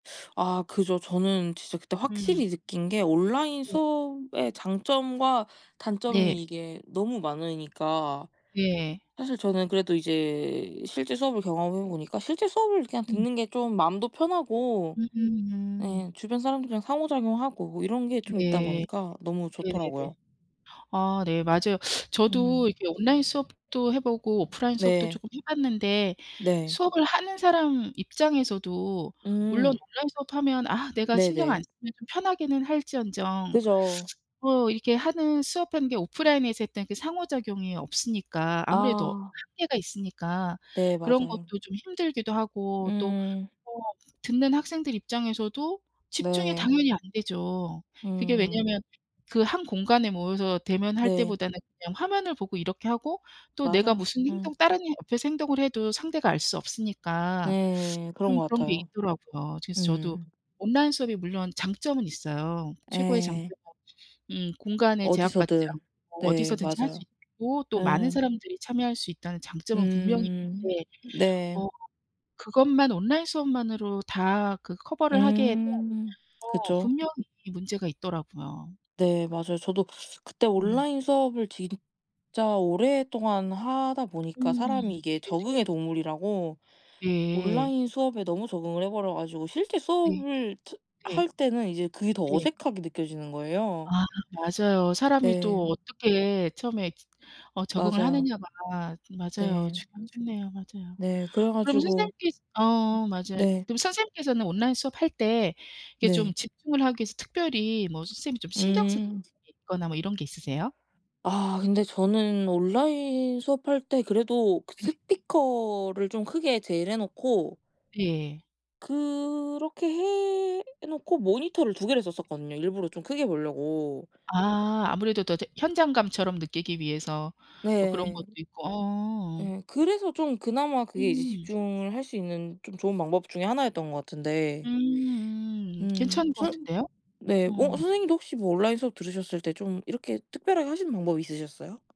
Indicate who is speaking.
Speaker 1: 아 그죠. 저는 진짜 그때
Speaker 2: 음.
Speaker 1: 확실히 느낀 게 온라인
Speaker 2: 네.
Speaker 1: 수업의 장점과
Speaker 2: 네.
Speaker 1: 단점이 이게 너무 많으니까
Speaker 2: 예.
Speaker 1: 사실 저는 그래도 이제 실제 수업을 경험해 보니까 실제 수업을 그냥
Speaker 2: 음.
Speaker 1: 듣는 게 좀 마음도 편하고
Speaker 2: 음.
Speaker 1: 예 주변 사람들이랑 상호작용하고 이런 게 좀 있다
Speaker 2: 네.
Speaker 1: 보니까 너무
Speaker 2: 네네네.
Speaker 1: 좋더라고요.
Speaker 2: 아 네 맞아요.
Speaker 1: 음.
Speaker 2: 저도 이렇게 온라인 수업도 해보고 오프라인 수업도
Speaker 1: 네.
Speaker 2: 쪼끔 해 봤는데
Speaker 1: 네.
Speaker 2: 수업을 하는 사람 입장에서도 물론
Speaker 1: 음.
Speaker 2: 온라인 수업하면 아 내가 신경 안
Speaker 1: 네네.
Speaker 2: 쓰면 좀 편하기는 할지언정
Speaker 1: 그죠.
Speaker 2: 뭐 이렇게 하는 수업하는 게 오프라인에서 했던 그 상호작용이 없으니까 아무래도
Speaker 1: 아.
Speaker 2: 한계가 있으니까
Speaker 1: 네
Speaker 2: 그런
Speaker 1: 맞아요.
Speaker 2: 것도 좀 힘들기도 하고 또
Speaker 1: 음.
Speaker 2: 뭐 듣는 학생들 입장에서도 집중이
Speaker 1: 네.
Speaker 2: 당연히 안되죠. 그게
Speaker 1: 음.
Speaker 2: 왜냐면 그 한 공간에 모여서 대면할
Speaker 1: 네.
Speaker 2: 때보다 는 그냥 화면을 보고 이렇게 하고 또 내가
Speaker 1: 맞아요.
Speaker 2: 무슨
Speaker 1: 음.
Speaker 2: 행동 다른 이 옆에서 행동을 해도 상대가 알 수 없으니까
Speaker 1: 네 그런
Speaker 2: 좀
Speaker 1: 것
Speaker 2: 그런 게
Speaker 1: 같아요.
Speaker 2: 있더라고요. 그래서 저도
Speaker 1: 음.
Speaker 2: 온라인 수업이 물론 장점은 있어요. 최고의 장점은
Speaker 1: 예.
Speaker 2: 음 공간에 제약받지
Speaker 1: 어디서든.
Speaker 2: 않고
Speaker 1: 네
Speaker 2: 어디서든지 할 수
Speaker 1: 맞아요.
Speaker 2: 있고 또 많은
Speaker 1: 예.
Speaker 2: 사람들이 참여할 수 있다는 장점은 분명히
Speaker 1: 음
Speaker 2: 있는데
Speaker 1: 네.
Speaker 2: 어 그것만 온라인 수업만으로 다 그 커버를 하기에는
Speaker 1: 음
Speaker 2: 어
Speaker 1: 그죠.
Speaker 2: 분명히 문제가 있더라고요.
Speaker 1: 네 맞아요. 저도 그때
Speaker 2: 음.
Speaker 1: 온라인 수업을 진짜 오랫동안 하다 보니까
Speaker 2: 음
Speaker 1: 사람이 이게
Speaker 2: 네네.
Speaker 1: 적응의 동물이라고
Speaker 2: 네.
Speaker 1: 온라인 수업에 너무 적응을 해버려 가지고 실제
Speaker 2: 네.
Speaker 1: 수업을 저
Speaker 2: 네.
Speaker 1: 할 때는 이제 그게 더
Speaker 2: 네.
Speaker 1: 어색하게 느껴지는 거예요.
Speaker 2: 아 맞아요. 사람이 또
Speaker 1: 네.
Speaker 2: 어떻게 처음에 저 어 적응을
Speaker 1: 맞아요.
Speaker 2: 하느냐가 맞아요.
Speaker 1: 네.
Speaker 2: 중요하겠네요. 맞아요.
Speaker 1: 네. 그래
Speaker 2: 그럼
Speaker 1: 가지고
Speaker 2: 선생님께서 어 맞아요.
Speaker 1: 네.
Speaker 2: 그럼 선생님께서는 온라인 수업할 때 이렇게 좀
Speaker 1: 네.
Speaker 2: 집중을 하기 위해서 특별히 뭐 선생님이 좀 신경 쓰는
Speaker 1: 음.
Speaker 2: 부분이 있거나 뭐 이런 게
Speaker 1: 음.
Speaker 2: 있으세요?
Speaker 1: 아 근데 저는 온라인 수업할 때 그래도 그
Speaker 2: 네.
Speaker 1: 스피커를 좀 크게 제일 해 놓고
Speaker 2: 예.
Speaker 1: 그렇게 해 놓고 모니터를 2 개를 썼었거든요 일부러 좀 크게 보려고.
Speaker 2: 아 아무래도 더 더 현장감처럼 느끼기 위해서 뭐 그런
Speaker 1: 네.
Speaker 2: 것도 있고 어.
Speaker 1: 예 그래서 좀 그나마 그게 이제
Speaker 2: 음.
Speaker 1: 집중을 할 수 있는 좀 좋은 방법 중에 하나였던 것 같은데
Speaker 2: 음음
Speaker 1: 음
Speaker 2: 괜찮은 것
Speaker 1: 선
Speaker 2: 같은데요.
Speaker 1: 네 뭐
Speaker 2: 어.
Speaker 1: 선생님도 혹시 뭐 온라인 수업 들으셨을 때 좀 이렇게 특별하게 하시는 방법이 있으셨어요?